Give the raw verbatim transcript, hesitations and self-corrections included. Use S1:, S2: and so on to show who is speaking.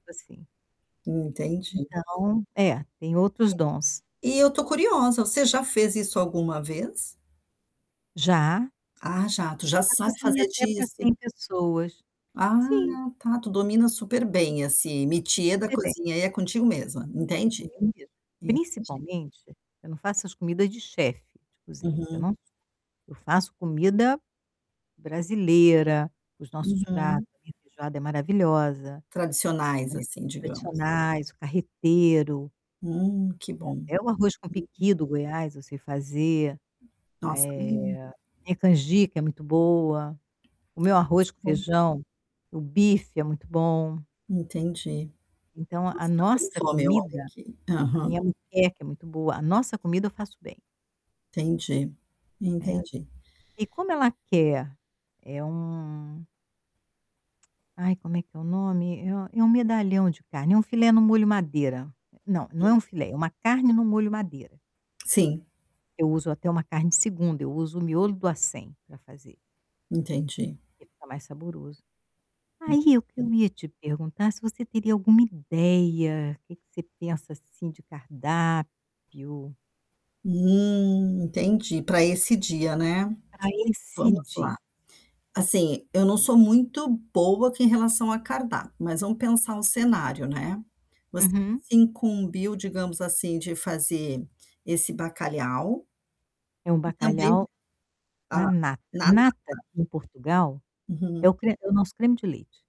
S1: Assim.
S2: Entendi.
S1: Então, é, tem
S2: E
S1: outros
S2: a
S1: dons.
S2: e eu estou curiosa, você já fez isso alguma vez?
S1: Já.
S2: Ah, já, tu já
S1: A
S2: sabe
S1: cozinha
S2: fazer
S1: até para
S2: dissi
S1: cem pessoas.
S2: Ah,
S1: Sim.
S2: tá, tu domina super bem assim, métier da
S1: Super bem.
S2: cozinha, aí, é contigo mesma,
S1: Eu
S2: entendi,
S1: tinha medo,
S2: entendi.
S1: principalmente, eu não faço as comida de chefe cozinha, eu
S2: Uhum.
S1: não eu faço comida brasileira, os nossos
S2: Uhum.
S1: pratos, minha feijoada é maravilhosa, né,
S2: Tradicionais assim, digamos.
S1: tradicionais, carreteiro
S2: Hum, que bom.
S1: e até o arroz com
S2: [unintelligible]
S1: piqui do Goiás eu sei fazer, eh,
S2: Nossa lin
S1: minha canjica é muito boa, o meu
S2: Mas
S1: arroz com
S2: como
S1: feijão, o bife é muito bom.
S2: Entendi.
S1: Então a
S2: Nossa, tá dando
S1: nossa
S2: fome, olha
S1: comida
S2: aqui,
S1: a
S2: Aham.
S1: minha muqueca é muito boa a nossa comida, eu faço bem.
S2: Entendi,
S1: Né.
S2: entendi.
S1: E como ela quer? É um Ai, como é que é o nome? É é um medalhão de carne, é um filé no molho madeira, não, não
S2: E
S1: é um filé, é uma carne no molho madeira.
S2: Sim.
S1: Eu uso até uma carne segunda, eu uso o miolo do acém para fazer
S2: Entendi.
S1: que fica mais saboroso. Aí, o que
S2: [unintelligible]
S1: eu ia te perguntar se você teria alguma ideia, que que você pensa assim de cardápio?
S2: Hum, entendi, para esse dia, né,
S1: Ah, esse
S2: vamos lá,
S1: di
S2: assim, eu não sou muito boa em relação a cardápio, mas vamos pensar o cenário, né, você
S1: Uhum.
S2: se incumbiu, digamos assim, de fazer esse bacalhau,
S1: É um
S2: e também,
S1: bacalhau
S2: a
S1: na nata.
S2: na nata.
S1: Nata em Portugal, é
S2: Uhum.
S1: o cre é o nosso creme de leite.